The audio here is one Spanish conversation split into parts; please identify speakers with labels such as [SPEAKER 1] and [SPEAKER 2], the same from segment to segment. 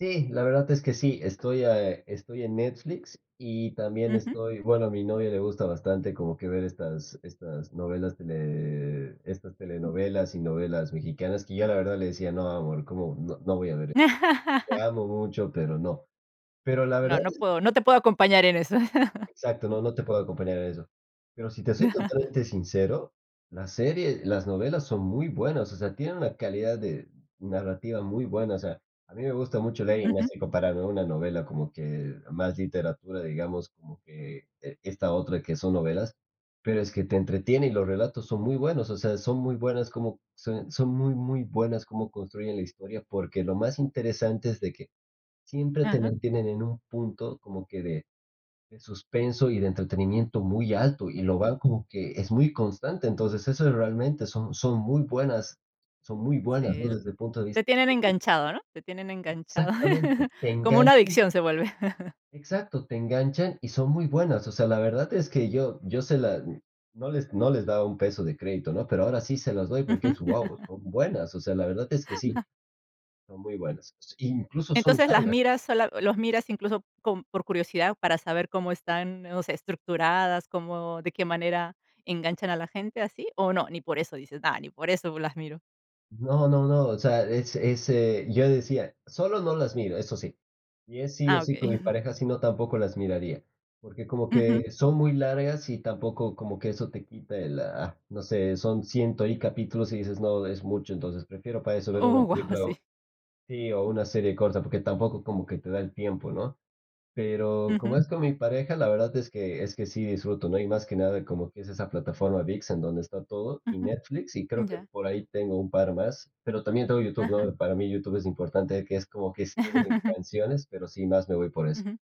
[SPEAKER 1] Sí, la verdad es que sí, estoy, eh, estoy en Netflix y también
[SPEAKER 2] Ujú.
[SPEAKER 1] estoy bueno, a mi novia le gusta bastante como que ver estas estas novelas tele estas telenovelas y novelas mexicanas, que yo la verdad le decía: "No, amor, como no no voy a ver e te amo mucho, pero no". Pero la
[SPEAKER 2] No,
[SPEAKER 1] verdad
[SPEAKER 2] no
[SPEAKER 1] es que
[SPEAKER 2] puedo,
[SPEAKER 1] son
[SPEAKER 2] no te puedo acompañar en eso.
[SPEAKER 1] Exacto, no, no, te puedo acompañar en eso, pero si te soy totalmente sincero, la serie las novelas son muy buenas, o sea, tienen una calidad de n narrativa muy buena, o sea, a mí me gusta mucho leer y no es
[SPEAKER 2] Ujú.
[SPEAKER 1] e comparable una novela como que más literatura, digamos, como que e esta otra que son novelas, pero es que te entretiene y los relatos son muy buenos, o sea, son muy buenas como son son muy, muy buenas como construyen la historia, porque lo más interesante es de que siempre te
[SPEAKER 2] Ajá.
[SPEAKER 1] mantienen en un punto como que de de suspenso y de entretenimiento muy alto, y lo
[SPEAKER 2] Sí.
[SPEAKER 1] van como que es muy constante. Entonces, eso es realmente son son muy buenas son muy
[SPEAKER 2] Sí
[SPEAKER 1] buenas, ¿no?
[SPEAKER 2] l
[SPEAKER 1] Desde el punto de
[SPEAKER 2] te
[SPEAKER 1] vista
[SPEAKER 2] tienen
[SPEAKER 1] que
[SPEAKER 2] enganchado, ¿no? Te tienen enganchado.
[SPEAKER 1] Exactamente, te
[SPEAKER 2] Como una
[SPEAKER 1] enganchan
[SPEAKER 2] adicción se vuelve.
[SPEAKER 1] Exacto, te enganchan y son muy buenas, o sea, la verdad es que yo yo se la mm, no les no les daba un peso de crédito, ¿no? Pero ahora sí se las doy
[SPEAKER 2] Ujú.
[SPEAKER 1] porque es, guau, son buenas, o sea, la verdad es que sí, son muy buenas, incluso son
[SPEAKER 2] Entonces, las
[SPEAKER 1] largas.
[SPEAKER 2] miras sola los miras, incluso, con por curiosidad, para saber cómo están, o sea, estructuradas, cómo de qué manera enganchan a la gente así, ¿o no? Ni por eso dices: "No, ni por eso me las miro".
[SPEAKER 1] No, no, no, o sea, es es, eh, yo decía: "Solo, no las miro", eso sí, y es sí, o,
[SPEAKER 2] Ah,
[SPEAKER 1] sí
[SPEAKER 2] okey.
[SPEAKER 1] con mi pareja, sino, tampoco las miraría, porque como
[SPEAKER 2] Ujú.
[SPEAKER 1] que son muy largas y tampoco como que eso te quita el, ah, no sé, son ciento y capítulos y dices: "No, es mucho", entonces prefiero para eso ver una
[SPEAKER 2] Oh, guau,
[SPEAKER 1] película
[SPEAKER 2] sí.
[SPEAKER 1] o sí, o una serie corta, porque tampoco como que te da el tiempo, ¿no? Pero como
[SPEAKER 2] Ujú.
[SPEAKER 1] es con mi pareja, la verdad es que es que sí disfruto, ¿no? Y más que nada como es esa plataforma Vix en donde está todo, y
[SPEAKER 2] Ujú.
[SPEAKER 1] Netflix, y creo que
[SPEAKER 2] Ya.
[SPEAKER 1] por ahí tengo un par más, pero también tengo YouTube,
[SPEAKER 2] Ajá.
[SPEAKER 1] ¿no? Para mí YouTube es importante que es como que es [unintelligible] canciones, pero sí más me voy por eso.
[SPEAKER 2] Ujú.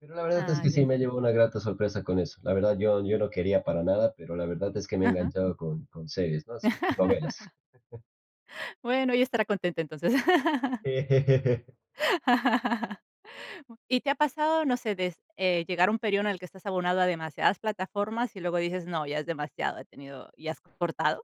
[SPEAKER 1] Pero la verdad es
[SPEAKER 2] Ah,
[SPEAKER 1] que
[SPEAKER 2] ya,
[SPEAKER 1] sí me
[SPEAKER 2] ya.
[SPEAKER 1] llevo una grata sorpresa con eso, la verdad yo yo no quería para nada, pero la verdad es que me he
[SPEAKER 2] Ajá.
[SPEAKER 1] enganchado con con series, ¿no? Así con novelas.
[SPEAKER 2] Bueno, ella estará contenta, entonces.
[SPEAKER 1] Eh.
[SPEAKER 2] ¿Y te ha pasado, no sé, des eh, llegar a un período en el que estás abonado a demasiadas plataformas y luego dices: "No, ya es demasiado, he tenido" y has cortado?